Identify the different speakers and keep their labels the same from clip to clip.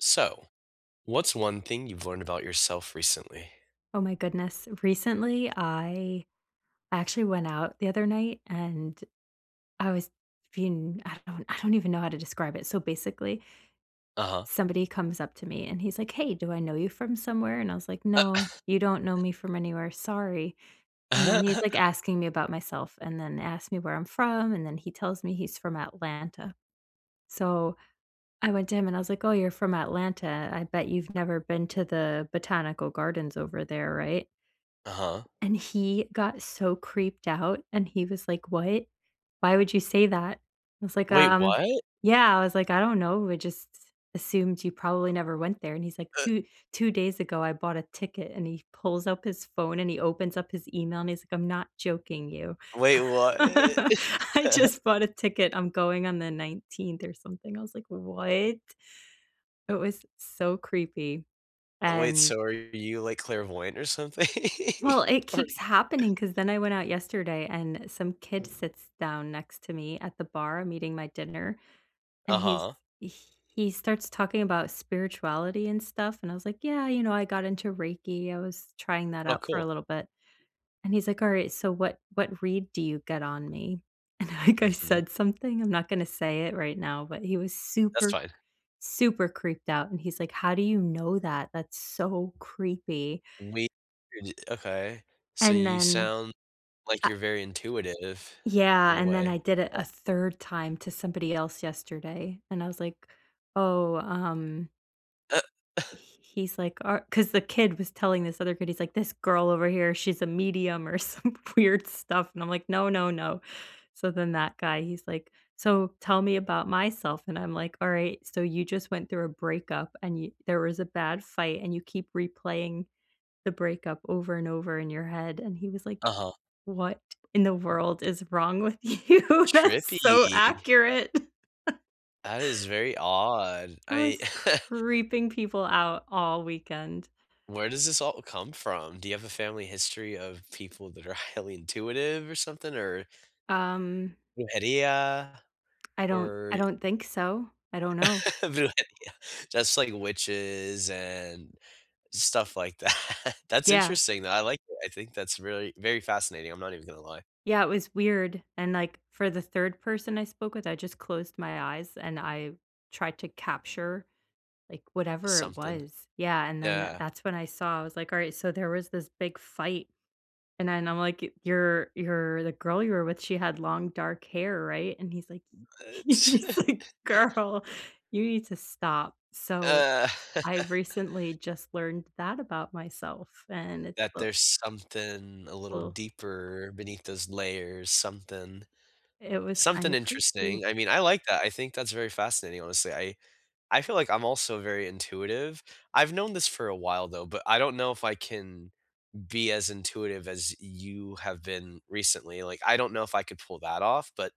Speaker 1: So, what's one thing you've learned about yourself recently?
Speaker 2: Oh my goodness, recently, I actually went out the other night, and I was being I don't I don't even know how to describe it. So, basically
Speaker 1: Uh-huh.
Speaker 2: somebody comes up to me, and he's like, "Hey, do I know you from somewhere?" And I was like, "No, you don't know me from anywhere, sorry." And then he's, like, asking me about myself and then asked me where I'm from, and then he tells me he's from Atlanta; so, I went to him, and I was like, "Oh, you're from Atlanta. I bet you've never been to the Botanical Gardens over there, right?"
Speaker 1: Uh-huh.
Speaker 2: And he got so creeped out, and he was like, "What? Why would you say that?" I was like,
Speaker 1: Wait,
Speaker 2: um,
Speaker 1: what?
Speaker 2: yeah, I was like, "I don't know, I just assumed you
Speaker 1: Eh
Speaker 2: probably never went there." And he's like,
Speaker 1: But
Speaker 2: "2 2 days ago, I bought a ticket." And he pulls up his phone, and he opens up his email, and he's like, "I'm not joking you.
Speaker 1: Wait, what?
Speaker 2: I just bought a ticket, I'm going on the 19th or something," I was like, "What?" It was so creepy,
Speaker 1: Wait,
Speaker 2: and
Speaker 1: so are you, like, clairvoyant or something?
Speaker 2: well, it
Speaker 1: Or
Speaker 2: keeps happening 'cause then I went out yesterday, and some kid sits down next to me at the bar, I'm eating my dinner, and he's
Speaker 1: Uh-huh.
Speaker 2: he starts talking about spirituality and stuff, and I was like, "Yeah, you know, I got into Reiki. I was trying that
Speaker 1: Oh,
Speaker 2: out for a
Speaker 1: cool.
Speaker 2: little bit." And he's like, "Alright, so what what read do you get on me?" And, like, I
Speaker 1: Mhm.
Speaker 2: said something, I'm not gonna say it right now, but he was
Speaker 1: That's
Speaker 2: super,
Speaker 1: fine.
Speaker 2: super creeped out, and he's like, "How do you know that? That's so creepy."
Speaker 1: Weird, okay. So,
Speaker 2: And
Speaker 1: you
Speaker 2: then,
Speaker 1: sound like
Speaker 2: I
Speaker 1: you're very intuitive
Speaker 2: Yeah,
Speaker 1: in a
Speaker 2: and then
Speaker 1: way.
Speaker 2: I did it a 3rd time to somebody else yesterday, and I was like, "Oh, um"
Speaker 1: Uh
Speaker 2: H he's like "Or" 'cause the kid was telling this other kid, he's like, "This girl over here, she's a medium," or some weird stuff, and I'm like, "No, no, no," so then that guy, he's like, "So, tell me about myself," and I'm like, "Alright, so, you just went through a breakup and yo there was a bad fight, and you keep replaying the breakup over and over in your head." And he was like,
Speaker 1: Uh-huh.
Speaker 2: "What in the world is wrong with you? That's so
Speaker 1: Trippy.
Speaker 2: accurate."
Speaker 1: That is very odd.
Speaker 2: I
Speaker 1: I
Speaker 2: was creeping people out all weekend.
Speaker 1: Where does this all come from? Do you have a family history of people that are highly intuitive or something or
Speaker 2: Um
Speaker 1: Brujería,
Speaker 2: I don't I
Speaker 1: or
Speaker 2: don't think so. I don't know.
Speaker 1: Brujería, just like witches and stuff like that. That's
Speaker 2: Yeah.
Speaker 1: interesting, though, I like it, I think that's really very fascinating, I'm not even gonna lie.
Speaker 2: Yeah, it was weird, and, like, for the 3rd person I spoke with, I just closed my eyes, and I tried to capture, like, whatever it
Speaker 1: Something.
Speaker 2: was. Yeah, and then tha
Speaker 1: Yeah.
Speaker 2: that's when I saw, I was like, "Alright, so, there was this big fight," and then I'm like, "You're you're the girl you were with, she had long dark hair, right?" and he's like,
Speaker 1: That's
Speaker 2: he's like, "Girl, you need to stop." So,
Speaker 1: Uh
Speaker 2: I've recently just learned that about myself, and it's,
Speaker 1: That
Speaker 2: uh
Speaker 1: there's something a little
Speaker 2: Uh
Speaker 1: deeper beneath those layers, something,
Speaker 2: it was
Speaker 1: something
Speaker 2: kinda creepy.
Speaker 1: interesting, I mean, I like that, I think that's very fascinating, honestly, I I feel like I'm also very intuitive. I've known this for a while, though, but I don't know if I can be as intuitive as you have been recently, like, I don't know if I could pull that off, but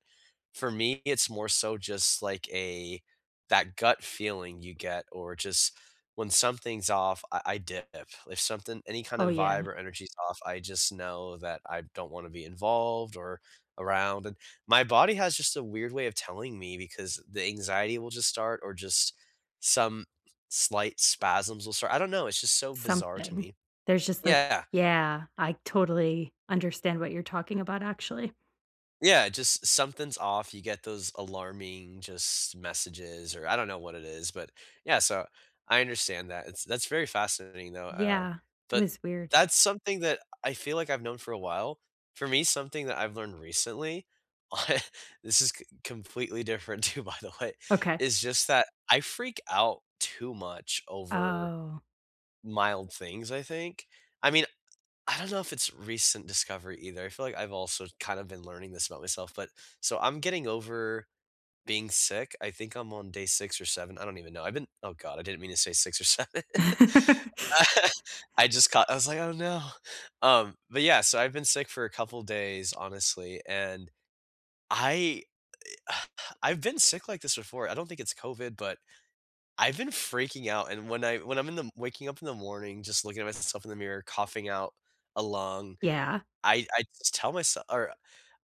Speaker 1: for me, it's more so just like a that gut feeling you get or just when something's off, I I dip. If something any kind
Speaker 2: Oh,
Speaker 1: of vibe
Speaker 2: yeah.
Speaker 1: or energy's off, I just know that I don't wanna be involved or around, and my body has just a weird way of telling me because the anxiety will just start or just some slight spasms will start, I don't know, it's just so bizarre to
Speaker 2: Something.
Speaker 1: me.
Speaker 2: There's just like
Speaker 1: Yeah.
Speaker 2: yeah, I totally understand what you're talking about, actually.
Speaker 1: Yeah, just something's off. You get those alarming, just messages, or I don't know what it is. But, yeah, so I understand that. It's that's very fascinating, though. Uh,
Speaker 2: Yeah. It
Speaker 1: but
Speaker 2: was weird.
Speaker 1: that's something that I feel like I've known for a while. For me, something that I've learned recently, this is co completely different, too, by the way,
Speaker 2: Okay.
Speaker 1: is just that I freak out too much over
Speaker 2: Oh.
Speaker 1: mild things, I think. I mean, I don't know if it's recent discovery either. I feel like I've also kind of been learning this about myself. But, so I'm getting over being sick, I think I'm on day 6 or 7, I don't even know. I've been Oh god, I didn't mean to say 6 or 7. I just got I was like, "Oh no." Um, but yeah, so I've been sick for a couple days, honestly, and I I've been sick like this before. I don't think it's COVID, but I've been freaking out. And when I when I'm in the waking up in the morning just looking at myself in the mirror, coughing out a lung,
Speaker 2: Yeah.
Speaker 1: I I just tell myse or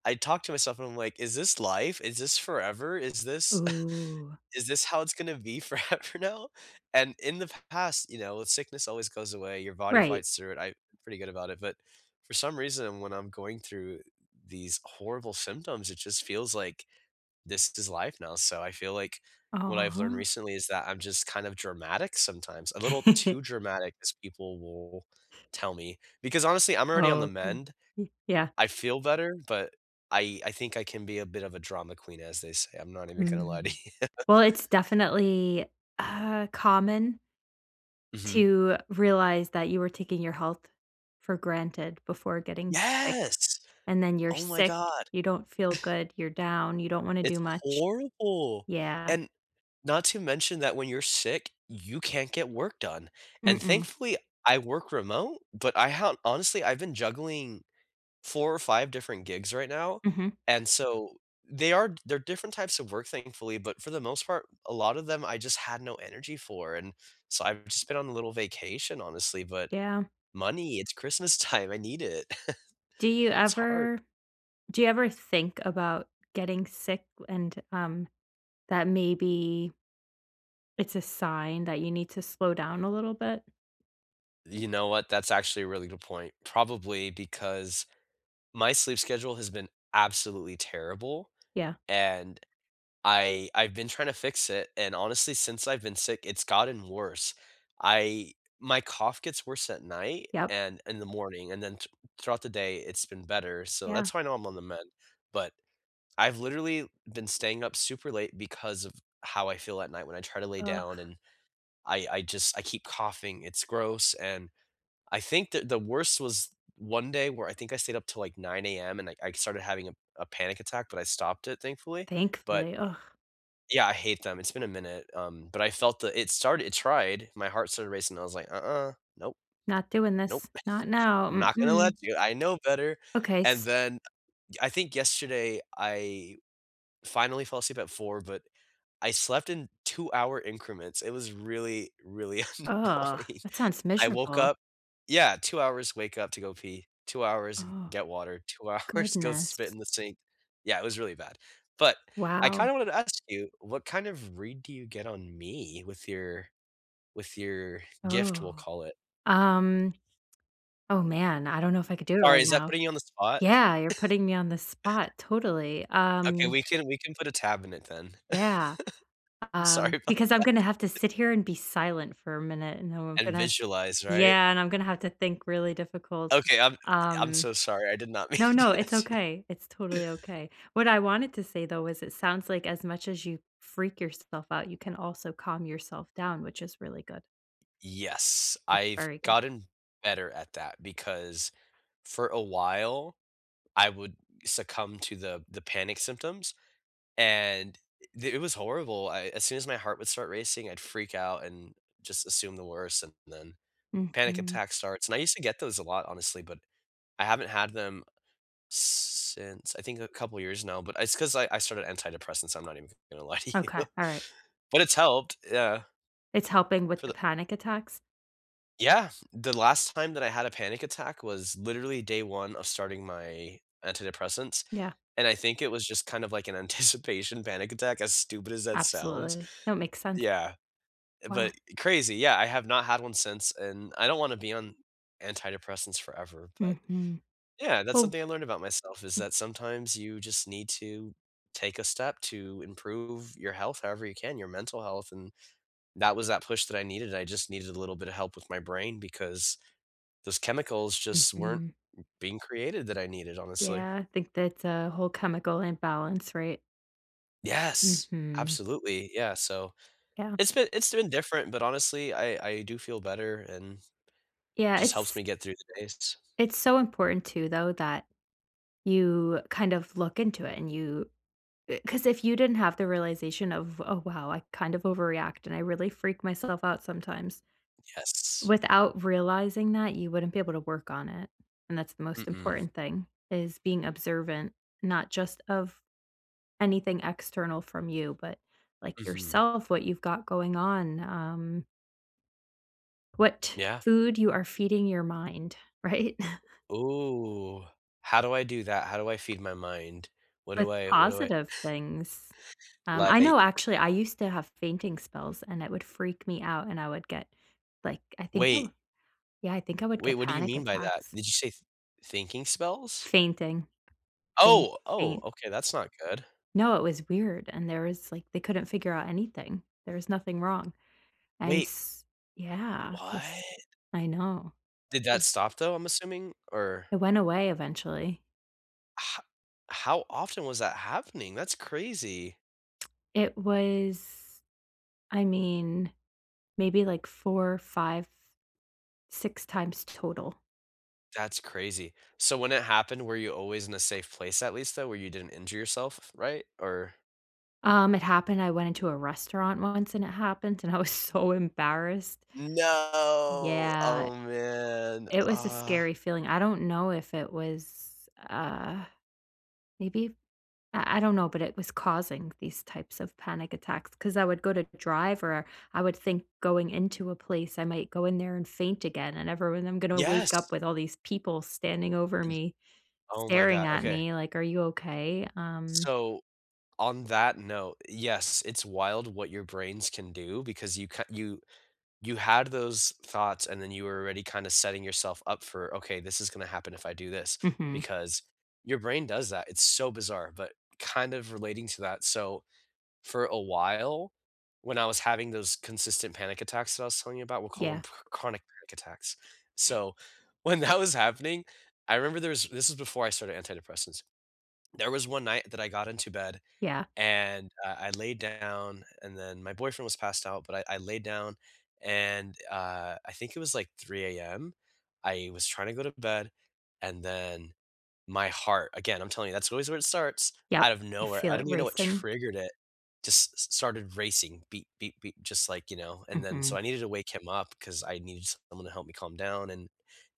Speaker 1: I talk to myself, and I'm like, "Is this life? Is this forever? Is this
Speaker 2: Ooh.
Speaker 1: Is this how it's gonna be forever now?" And in the past, you know, sickness always goes away. Your body
Speaker 2: Right.
Speaker 1: fights through it. I'm pretty good about it. But, for some reason, when I'm going through these horrible symptoms, it just feels like, "This is life now." So I feel like what I've learned
Speaker 2: Aw.
Speaker 1: recently is that I'm just kind of dramatic sometimes. A little too dramatic, as people will tell me. Because, honestly, I'm already on
Speaker 2: Oh,
Speaker 1: the
Speaker 2: okay.
Speaker 1: mend.
Speaker 2: Ye yeah.
Speaker 1: I feel better, but I I think I can be a bit of a drama queen as they say. I'm not even gonna lie to
Speaker 2: Mm,
Speaker 1: you.
Speaker 2: well, it's definitely, uh, common...
Speaker 1: Mhm.
Speaker 2: to realize that you were taking your health for granted before getting sick.
Speaker 1: Yes.
Speaker 2: And then you're
Speaker 1: Oh my
Speaker 2: sick,
Speaker 1: God.
Speaker 2: you don't feel good. You're down, you don't wanna do
Speaker 1: It's
Speaker 2: much.
Speaker 1: horrible.
Speaker 2: Yeah.
Speaker 1: And not to mention that when you're sick, you can't get work done. And,
Speaker 2: Mm-mm.
Speaker 1: thankfully, I work remote, but I have honestly, I've been juggling 4 or 5 different gigs right now.
Speaker 2: Mhm.
Speaker 1: And so they are they're different types of work, thankfully. But for the most part, a lot of them, I just had no energy for. And so I've just been on a little vacation, honestly, but
Speaker 2: Yeah.
Speaker 1: money, it's Christmas time. I need it.
Speaker 2: Do you
Speaker 1: It's hard.
Speaker 2: ever do you ever think about getting sick and, um, that maybe... it's a sign that you need to slow down a little bit?
Speaker 1: You know what? That's actually a really good point. Probably because my sleep schedule has been absolutely terrible,
Speaker 2: Yeah.
Speaker 1: and I I've been trying to fix it. And, honestly, since I've been sick, it's gotten worse. I my cough gets worse at night
Speaker 2: Yep.
Speaker 1: and in the morning. And then th throughout the day, it's been better. So
Speaker 2: Yeah.
Speaker 1: that's why I know I'm on the mend. But I've literally been staying up super late because of how I feel at night when I try to lay
Speaker 2: Ugh.
Speaker 1: down, and I I just I keep coughing. It's gross. And I think that the worst was one day where I think I stayed up till, like, 9 AM, and I I started having a a panic attack, but I stopped it, thankfully. But
Speaker 2: Thankfully, ugh.
Speaker 1: yeah, I hate them. It's been a minute. Um, but I felt that it started, it tried. My heart started racing. I was like, "Uh-uh. Nope.
Speaker 2: Not doing
Speaker 1: Nope.
Speaker 2: this. Not now.
Speaker 1: I'm not gonna
Speaker 2: Mm-mm.
Speaker 1: let you, I know better."
Speaker 2: Okay,
Speaker 1: And
Speaker 2: s
Speaker 1: then, I think yesterday, I finally fell asleep at 4, but I slept in two-hour increments. It was really, really
Speaker 2: Ugh,
Speaker 1: annoying.
Speaker 2: that sounds
Speaker 1: I woke
Speaker 2: miserable.
Speaker 1: up Yeah, 2 hours- wake up to go pee, 2 hours-
Speaker 2: Oh.
Speaker 1: get water, 2 hours, go
Speaker 2: Goodness.
Speaker 1: spit in the sink. Yeah, it was really bad. But I
Speaker 2: Wow.
Speaker 1: kinda wanted to ask you, what kind of read do you get on me with your with your gift, we'll
Speaker 2: Oh.
Speaker 1: call it?
Speaker 2: Um. Oh, man, I don't know if I could do it
Speaker 1: Sorry,
Speaker 2: right
Speaker 1: is that
Speaker 2: now.
Speaker 1: putting you on the spot?
Speaker 2: Yeah, you're putting me on the spot, totally,
Speaker 1: Okay.
Speaker 2: um
Speaker 1: We can we can put a tab in it then.
Speaker 2: Yeah.
Speaker 1: I'm
Speaker 2: Um,
Speaker 1: sorry about
Speaker 2: because I'm gonna have to
Speaker 1: that.
Speaker 2: sit here and be silent for a minute, and then I'm
Speaker 1: And
Speaker 2: gonna
Speaker 1: visualize, right?
Speaker 2: yeah, and I'm gonna have to think really difficult.
Speaker 1: Okay. I'm I I'm
Speaker 2: Um.
Speaker 1: so sorry. I did not mean
Speaker 2: No,
Speaker 1: to
Speaker 2: no,
Speaker 1: do that
Speaker 2: it's
Speaker 1: to you.
Speaker 2: okay. It's totally okay. What I wanted to say, though, is it sounds like as much as you freak yourself out, you can also calm yourself down, which is really good.
Speaker 1: Yes.
Speaker 2: That's
Speaker 1: I've
Speaker 2: very good.
Speaker 1: gotten better at that, because for a while, I would succumb to the the panic symptoms, and the it was horrible, I as soon as my heart would start racing, I'd freak out, and just assume the worst, and then panic
Speaker 2: Mhm.
Speaker 1: attack starts, and I used to get those a lot, honestly, but I haven't had them s since, I think, a couple years now, but it's 'cause I I started antidepressants, I'm not even gonna lie to you.
Speaker 2: Okay, alright.
Speaker 1: But it's helped, yeah.
Speaker 2: It's helping with
Speaker 1: For
Speaker 2: the
Speaker 1: the
Speaker 2: panic attacks?
Speaker 1: Yeah. The last time that I had a panic attack was literally day 1 of starting my antidepressants,
Speaker 2: Yeah.
Speaker 1: and I think it was just kind of like an anticipation panic attack, as stupid as that sounds.
Speaker 2: Absolutely, no, makes sense.
Speaker 1: Yeah, but
Speaker 2: Wow.
Speaker 1: crazy, yeah, I have not had 1 since, and I don't wanna be on antidepressants forever, but,
Speaker 2: Mhm.
Speaker 1: yeah, that's
Speaker 2: Oh
Speaker 1: something I learned about myself, is
Speaker 2: Mm.
Speaker 1: that sometimes you just need to take a step to improve your health however you can, your mental health, and that was that push that I needed, I just needed a little bit of help with my brain because those chemicals just weren't
Speaker 2: Mhm.
Speaker 1: being created, that I needed, honestly.
Speaker 2: Yeah, think that's a whole chemical imbalance, right?
Speaker 1: Yes,
Speaker 2: Mhm.
Speaker 1: absolutely, yeah, so,
Speaker 2: Yeah.
Speaker 1: it's been it's been different, but, honestly, I I do feel better and it
Speaker 2: Yeah,
Speaker 1: just helps
Speaker 2: it's
Speaker 1: me get through the days.
Speaker 2: it's so important too, though, that you kind of look into it, and you uh, 'cause if you didn't have the realization of, "Oh, wow. I kind of overreact and I really freak myself out sometimes,"
Speaker 1: Yes.
Speaker 2: without realizing that, you wouldn't be able to work on it. And that's the most
Speaker 1: Mm-mm.
Speaker 2: important thing, is being observant, not just of anything external from you, but, like,
Speaker 1: Mhm.
Speaker 2: yourself, what you've got going on, um what
Speaker 1: Yeah.
Speaker 2: food you are feeding your mind. Right?
Speaker 1: Ooh, how do I do that? How do I feed my mind? What do
Speaker 2: With
Speaker 1: I what do I
Speaker 2: positive things. Um, I know,
Speaker 1: like
Speaker 2: actually, I used to have fainting spells, and it would freak me out, and I would get, like, I think I would
Speaker 1: wait.
Speaker 2: yeah, I think I would
Speaker 1: Wait,
Speaker 2: get
Speaker 1: what do you
Speaker 2: panic
Speaker 1: mean by that?
Speaker 2: attacks.
Speaker 1: Did you say "thinking spells"?
Speaker 2: Fainting Faint
Speaker 1: Oh! Oh,
Speaker 2: faint.
Speaker 1: okay. That's not good.
Speaker 2: No, it was weird, and there was like, they couldn't figure out anything. There was nothing wrong. And,
Speaker 1: Wait.
Speaker 2: s yeah. It was
Speaker 1: What?
Speaker 2: I know.
Speaker 1: Did that
Speaker 2: It
Speaker 1: stop, though, I'm assuming? Or...
Speaker 2: it went away eventually.
Speaker 1: H how often was that happening, that's crazy.
Speaker 2: It was I mean, maybe, like, 4, five, 6 times total.
Speaker 1: That's crazy, so when it happened, were you always in a safe place, at least, though, where you didn't injure yourself f f right, or
Speaker 2: Um, it happened I went into a restaurant once, and it happened, and I was so embarrassed.
Speaker 1: No!
Speaker 2: Yeah.
Speaker 1: Oh man,
Speaker 2: It was a
Speaker 1: ah.
Speaker 2: scary feeling, I don't know if it was, uh, maybe, I I don't know, but it was causing these types of panic attacks, 'cause I would go to drive or, I would think going into a place, I might go in there and faint again, and everyone I'm gonna wake up
Speaker 1: Yes.
Speaker 2: with all these people standing over
Speaker 1: Y
Speaker 2: me,
Speaker 1: Oh my
Speaker 2: staring
Speaker 1: god.
Speaker 2: at
Speaker 1: Okay.
Speaker 2: me, like, "Are you okay, um?"
Speaker 1: So, on that note, yes, it's wild what your brains can do because you ca you you had those thoughts, and then you were already kinda setting yourself up for, "Okay, this is gonna happen if I do this,"
Speaker 2: Mhm.
Speaker 1: because, your brain does that, it's so bizarre, but kind of relating to that, so, for a while, when I was having those consistent panic attacks that I was telling you about, we'll call them
Speaker 2: Yeah.
Speaker 1: chr chronic panic attacks, so, when that was happening I remember there was this is before I started antidepressants. There was one night that I got into bed,
Speaker 2: Yeah.
Speaker 1: and, uh, I laid down, and then my boyfriend was passed out, but I I laid down, and, uh, I think it was, like, 3:00 AM. I was trying to go to bed, and then my heart again, I'm telling you, that's always where it starts.
Speaker 2: Yep.
Speaker 1: Out of
Speaker 2: You
Speaker 1: nowhere,
Speaker 2: feel
Speaker 1: I
Speaker 2: it
Speaker 1: don't even know what
Speaker 2: racing?
Speaker 1: triggered it, it just s started racing, "beep beep beep," just like, you know, and then
Speaker 2: Mhm.
Speaker 1: so I needed to wake him up, 'cause I needed someone to help me calm down, and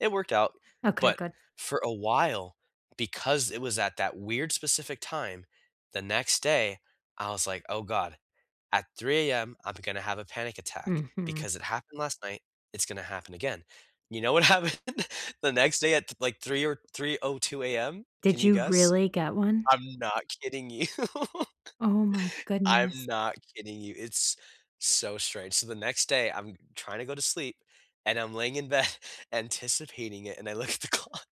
Speaker 1: it worked out.
Speaker 2: Okay,
Speaker 1: But
Speaker 2: good.
Speaker 1: for a while, because it was at that weird specific time, the next day, I was like, "Oh god. At 3:00 AM, I'm gonna have a panic attack,
Speaker 2: Mhm.
Speaker 1: because it happened last night. It's gonna happen again." You know what happened the next day at, like, 3:00 or 3:02 AM? Can
Speaker 2: Did
Speaker 1: you
Speaker 2: you
Speaker 1: guess?
Speaker 2: really get one?
Speaker 1: I'm not kidding you.
Speaker 2: Oh my
Speaker 1: I'm
Speaker 2: goodness.
Speaker 1: not kidding you, it's so strange, so the next day, I'm trying to go to sleep, and I'm laying in bed anticipating it. And I look at the clock,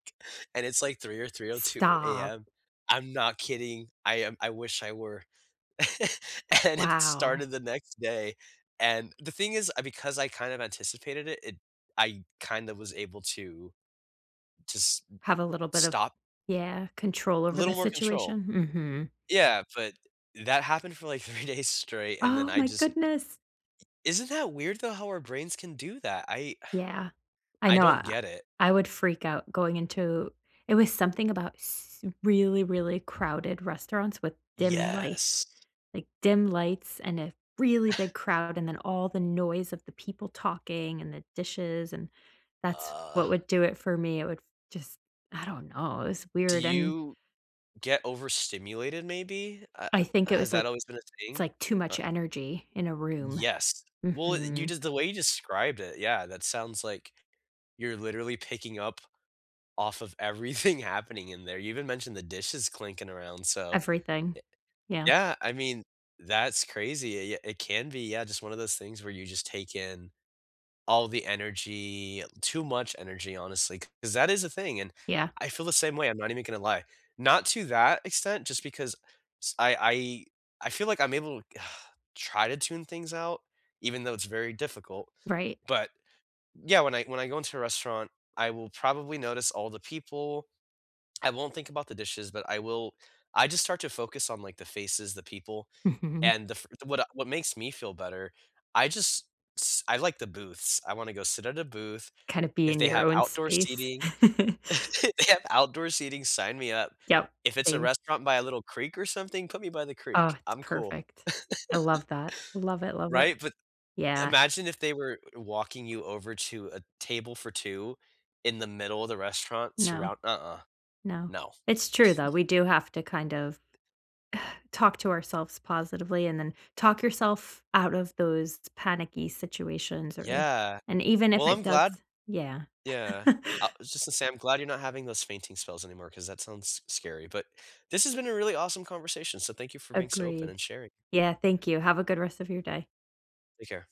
Speaker 1: and it's, like, 3:00 or 3:02
Speaker 2: Stop!
Speaker 1: AM. I'm not kidding. I am I wish I were. And it
Speaker 2: Wow.
Speaker 1: started the next day. And the thing is, I because I kind of anticipated it, it I kinda was able to to s
Speaker 2: Have a little bit of
Speaker 1: stop.
Speaker 2: yeah, control over the
Speaker 1: Little more control.
Speaker 2: situation, mhm.
Speaker 1: Yeah, but that happened for, like, three days straight, and then
Speaker 2: Oh
Speaker 1: I
Speaker 2: my
Speaker 1: just
Speaker 2: goodness!
Speaker 1: isn't that weird, though, how our brains can do that, I
Speaker 2: Yeah. I
Speaker 1: I
Speaker 2: know
Speaker 1: don't
Speaker 2: I
Speaker 1: get it.
Speaker 2: I would freak out going into it was something about s really, really crowded restaurants with dim lights.
Speaker 1: Yes.
Speaker 2: Like, dim lights and a really big crowd and then all the noise of the people talking and the dishes, and that's
Speaker 1: Uh...
Speaker 2: what would do it for me, it would f just I don't know, it was
Speaker 1: Do
Speaker 2: weird, an
Speaker 1: you get overstimulated, maybe, uh,
Speaker 2: I think it
Speaker 1: has
Speaker 2: was, like
Speaker 1: that always been a
Speaker 2: it's,
Speaker 1: thing?
Speaker 2: like, too much
Speaker 1: Or
Speaker 2: energy in a room.
Speaker 1: Yes. Well, it you
Speaker 2: Mhm.
Speaker 1: j the way you described it, yeah, that sounds like you're literally picking up off of everything happening in there, you even mentioned the dishes clinking around, so,
Speaker 2: Everything.
Speaker 1: ye
Speaker 2: Yeah.
Speaker 1: yeah, I mean, that's crazy, y y It can be, yeah, just one of those things where you just take in all the energy, too much energy, honestly, 'cause that is a thing, and
Speaker 2: Yeah.
Speaker 1: I feel the same way, I'm not even gonna lie, not to that extent, just because s I I I feel like I'm able try to tune things out, even though it's very difficult.
Speaker 2: Right.
Speaker 1: But, yeah, when I when I go into a restaurant, I will probably notice all the people. I won't think about the dishes, but I will I just start to focus on, like, the faces, the people,
Speaker 2: Mhm.
Speaker 1: and the f what I what makes me feel better, I just s I like the booths, I wanna go sit at a booth.
Speaker 2: Kinda be
Speaker 1: If
Speaker 2: in
Speaker 1: they
Speaker 2: your
Speaker 1: have
Speaker 2: own
Speaker 1: outdoor
Speaker 2: space.
Speaker 1: seating if they have outdoor seating, sign me up.
Speaker 2: Yep.
Speaker 1: If it's a
Speaker 2: Same.
Speaker 1: restaurant by a little creek or something, put me by the creek,
Speaker 2: Oh, it's
Speaker 1: I'm cool.
Speaker 2: perfect. I love that, love it, love it.
Speaker 1: Right, but
Speaker 2: Yeah.
Speaker 1: imagine if they were walking you over to a table for two in the middle of the restaurant
Speaker 2: No.
Speaker 1: surroun Uh-uh.
Speaker 2: No,
Speaker 1: No.
Speaker 2: it's true, though, we do have to kind of talk to ourselves positively, and then talk yourself out of those panicky situations, or
Speaker 1: Yeah.
Speaker 2: And even if
Speaker 1: Well,
Speaker 2: it
Speaker 1: I'm
Speaker 2: does
Speaker 1: glad
Speaker 2: Yeah.
Speaker 1: Yeah. I just to say, I'm glad you're not having those fainting spells anymore 'cause that sounds scary, but this has been a really awesome conversation, so thank you for being so open
Speaker 2: Agreed.
Speaker 1: and sharing.
Speaker 2: Yeah, thank you, have a good rest of your day.
Speaker 1: Take care.